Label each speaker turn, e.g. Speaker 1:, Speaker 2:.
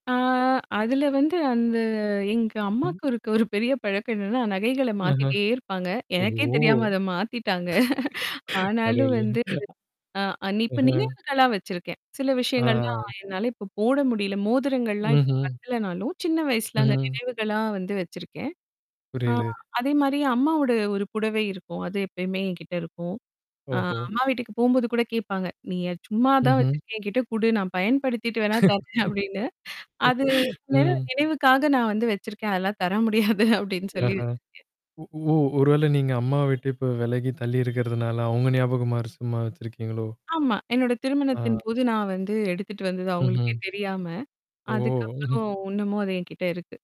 Speaker 1: அ அதுல வந்து, அந்த எங்க
Speaker 2: ம்.
Speaker 1: அம்மாவுக்கு இருக்க ஒரு பெரிய பழக்கம் என்னன்னா, நகைகள
Speaker 2: ஆஹா.
Speaker 1: மாத்திட்டே இருப்பாங்க. எனக்கே
Speaker 2: ஓஹோ.
Speaker 1: தெரியாம அதை மாத்திட்டாங்க. ஆனாலும்
Speaker 2: கடையில.
Speaker 1: வந்து, அ இப்ப
Speaker 2: ஆஹா.
Speaker 1: நினைவுகளா வச்சிருக்கேன். சில விஷயங்கள்லாம்,
Speaker 2: ஆ.
Speaker 1: என்னால இப்போ போட முடியல. மோதிரங்கள்லாம் இப்ப
Speaker 2: ம்ஹ்ம்.
Speaker 1: பத்தலனாலும், சின்ன வயசுல, அந்த
Speaker 2: ம்.
Speaker 1: நினைவுகளா வந்து வச்சிருக்கேன். அ
Speaker 2: புரியுது.
Speaker 1: அதே மாரி அம்மாவோட ஒரு புடவை இருக்கும். அது எப்பயுமே என்கிட்ட இருக்கும். அ
Speaker 2: ஓஹோ.
Speaker 1: அம்மா வீட்டுக்குப் போகும்போது கூடக் கேப்பாங்க. "நீ அத சும்மாதான்
Speaker 2: ம்ஹ்ம்.
Speaker 1: வச்சிருக்க. என்கிட்ட குடு நான் பயன்படுத்திட்டு வேண்னா தரேன்." அப்பிடின்னு. அது நினைவு
Speaker 2: ம்.
Speaker 1: நினைவுக்காக நான் வந்து வச்சிருக்கேன். அதெல்லாம் தர முடியாது அப்பிடின்னு சொல்லி
Speaker 2: ஆஹா.
Speaker 1: வச்சுருக்கேன்.
Speaker 2: ஒ ஓ ஒருவேளை நீங்க அம்மாவ விட்டு இப்ப விலகி, தள்ளி இருக்கறதுனால, அவங்க ஞாபகமாறு சும்மா வச்சிருக்கீங்களோ?
Speaker 1: ஆமா. என்னோட
Speaker 2: ஆ.
Speaker 1: திருமணத்தின்போது நான் வந்து எடுத்துட்டு வந்தது, அவங்களுக்கே
Speaker 2: ம்ஹ்ம்.
Speaker 1: தெரியாம.
Speaker 2: ஓ. ம்ஹ்
Speaker 1: அதுக்கப்புறம் இன்னமும் அது என்கிட்ட இருக்கு.